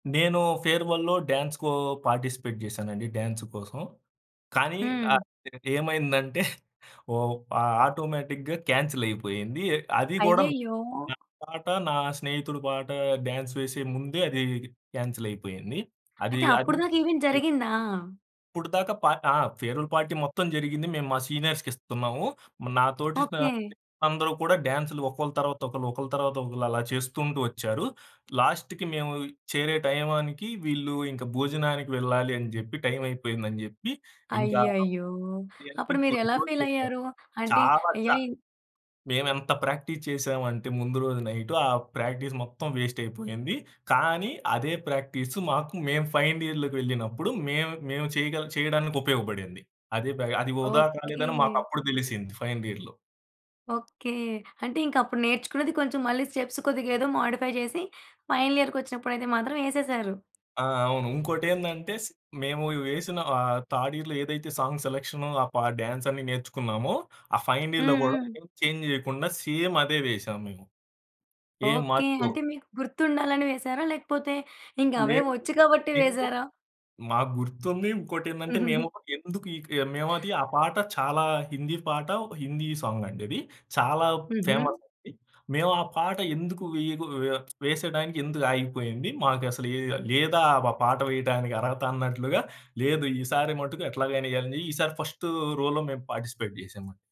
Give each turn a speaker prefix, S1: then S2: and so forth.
S1: నేను ఫేర్‌వెల్‌లో డ్యాన్స్‌కో పార్టిసిపేట్ చేశానండి డ్యాన్స్ కోసం. కానీ
S2: హ్మ్.
S1: ఆహ్, ఏమైందంటే ఓ ఆహ్, ఆటోమేటిక్‌గా క్యాన్సిలైపోయింది. అది కూడా
S2: అయ్యయ్యో!
S1: నా పాట, నా స్నేహితుడు పాట డ్యాన్స్ వేసే ముందే అది క్యాన్సిలైపోయింది. అది
S2: అయితే
S1: అది
S2: అప్పుటిదాకా ఈవెంట్
S1: చె
S2: జరిగిందా?
S1: ఇప్పటి దాకా పా ఆ! ఫేర్‌వెల్ పార్టీ మొత్తం జరిగింది. మేము మా సీనియర్స్‌కి ఇస్తున్నాము. నా తోటి నా
S2: ఓకే.
S1: స్నేహితులందరూ కూడా డాన్స్‌లు ఒకళ్ళు తర్వాత ఒకళ్ళు, ఒకళ్ళు తర్వాత ఒకళ్ళు అలా చేసుకుంటూ ఒచ్చారు. లాస్ట్‌కి మేము చేరే టైంకి వీళ్ళు ఇంకా భోజనానికి వెళ్ళాలి అని జెప్పి టైమయిపోయిందని జెప్పి ఇంకా
S2: అయ్యయ్యో!
S1: ఇయన్ని
S2: అప్పుడు మీరెలా
S1: [unintelligible]
S2: ఫీలయ్యారు? అంటే ఎయయ్
S1: మేమెంత ప్రాక్టీస్ చేసావంటే ముందు రోజు నైటు ఆ ప్రాక్టీస్ మొత్తం వేస్ట్ అయిపోయింది. కానీ అదే ప్రాక్టీసు మాకు మేము ఫైనల్ ఇయర్‌లోకి వెళ్ళినప్పుడు మేము మేము చేయగ చేయడానికి ఉపయోగపడింది. అదే బ అది వృదా కాలేదని
S2: ఓకే.
S1: మాకప్పుడు తెలిసింది ఫైనల్ ఇయర్‌లో.
S2: ఓకే. అంటే ఇంకప్పుడు నేర్చుకున్నది కొంచెం మళ్ళీ స్టెప్స్ కొద్దిగా ఏదో మోడిఫై చేసి ఫైనల్ ఇయర్‌కొచ్చినప్పుడైతే మాత్రం ఏసేసారు.
S1: ఆ! అవును. ఇంకోటేందంటే స్ మేము వేసిన ఆహ్, థర్డ్ ఇయర్‌లో ఏదైతే సాంగ్ సెలక్షన్, ఆ పా డాన్స్ అన్ని నేర్చుకున్నామో, ఆ ఫైనల్ ఇయర్‌లో కూడా
S2: హుహు.
S1: చేంజ్ చేయకుండా సేమ్ అదే వేసాము మేము. ఏ
S2: ఓకే.
S1: మార్పు
S2: అంటే మీకు గుర్తుండాలని వేసారా? లేకపోతే ఇంకవే
S1: లేదు.
S2: వచ్చు కాబట్టి
S1: మేము
S2: వేసారా?
S1: మాకు గుర్తుంది. ఇంకోటేందంటే మేము ఎందుకి ఇక మేమది ఆ పాట చాలా హిందీ పాట, హిందీ సాంగ్ అండి అది. చాలా ఫేమస్
S2: హుహు.
S1: అది. మేమా పాట ఎందుకు వేయ ఆహ్, వేసే టైమ్‌కి ఎందుకు ఆగిపోయింది. మాకసలు ఏ లేదా ఆ పాట వేయడానికి అర్హతన్నట్లుగా లేదు. ఈసారి మట్టుకు ఎట్లాగైనా ఎయ్యాలని ఈసారి ఫస్ట్ రోలో మేం పార్టిసిపేట్ చేసాం అండి.